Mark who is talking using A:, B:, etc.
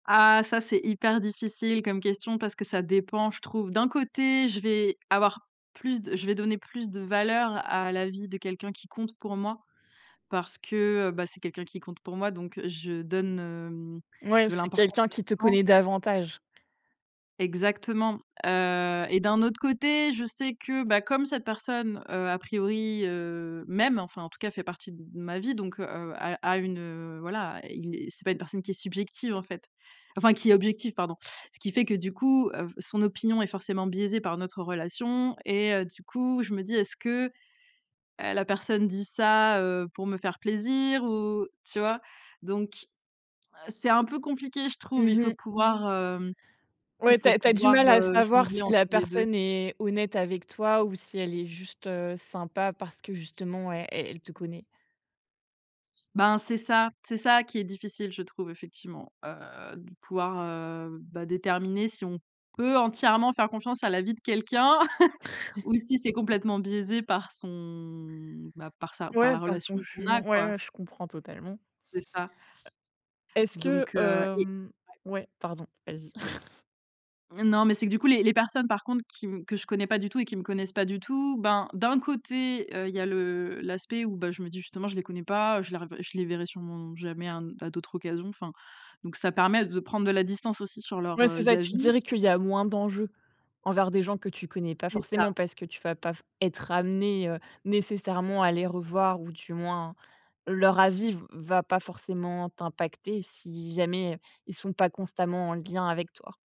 A: Ah, ça c'est hyper difficile comme question parce que ça dépend, je trouve. D'un côté je vais avoir plus de je vais donner plus de valeur à l'avis de quelqu'un qui compte pour moi parce que, heu, bah, c'est quelqu'un qui compte pour moi donc, heu, je donne, hem,
B: Mouais,
A: de
B: c'est
A: l'importance
B: quelqu'un qui te
A: conséquence.
B: connaît davantage.
A: Exactement, heu et d'un autre côté je sais que, bah, comme cette personne, heu, a priori, heu, m'aime, enfin, en tout cas fait partie d de ma vie donc, heu heu, a a une, heu, voilà, il et c'est pas une personne qui est subjective, en fait. Enfin, qui est objective pardon. Ce qui fait que du coup, heu, f son opinion est forcément biaisée par notre relation et heu, du coup je me dis: «Est-ce que, heu, la personne dit ça, heu, pour me faire plaisir ou?», tu vois? Donc, heu, c'est un peu compliqué je trouve, il
B: Mmh
A: faut
B: mh.
A: pouvoir, hem,
B: Ouais,
A: il
B: tu
A: faut
B: as tu as du
A: pouvoir,
B: mal à
A: heu,
B: savoir
A: jongler
B: si
A: entre
B: la
A: les 2.
B: personne est honnête avec toi ou si elle est juste, heu, sympa parce que justement e e elle te connaît.
A: Ben, c'est ça. C'est ça qui est difficile je trouve effectivement, heu, de pouvoir, heu, bah, déterminer si on peut entièrement faire confiance à l'avis de quelqu'un s ou si c'est complètement biaisé par son bah, par sa par
B: Ouais,
A: la
B: par
A: relation
B: son
A: qu'on a
B: jugement. Ouais,
A: quoi.
B: ouais je comprends totalement. Heu,
A: C'est ça
B: est-ce que,
A: donc, heu et
B: hem
A: ouais.
B: ouais, pardon, vas-y.
A: M non, mais c'est que du coup les les personnes par contre qui me que je connais pas du tout et qui me connaissent pas du tout, ben, d'un côté, heu, il y a le l'aspect où, bah, je me dis: «Justement je les connais pas, heu, je les revé je les verrai surement jamais à un à d'autres occasions», enfin donc ça permet de prendre de la distance aussi sur leurs,
B: Ouais, c'est
A: heu,
B: ça, tu
A: avis.
B: dirais qu'il y a moins d'enjeux envers des gens que tu connais pas
A: C'est ça!
B: forcément, parce que tu vas pas f être amenée, heu, nécessairement à les revoir ou du moins, leur avis v va pas forcément t'impacter si jamais, heu, ils sont pas constamment en lien avec toi.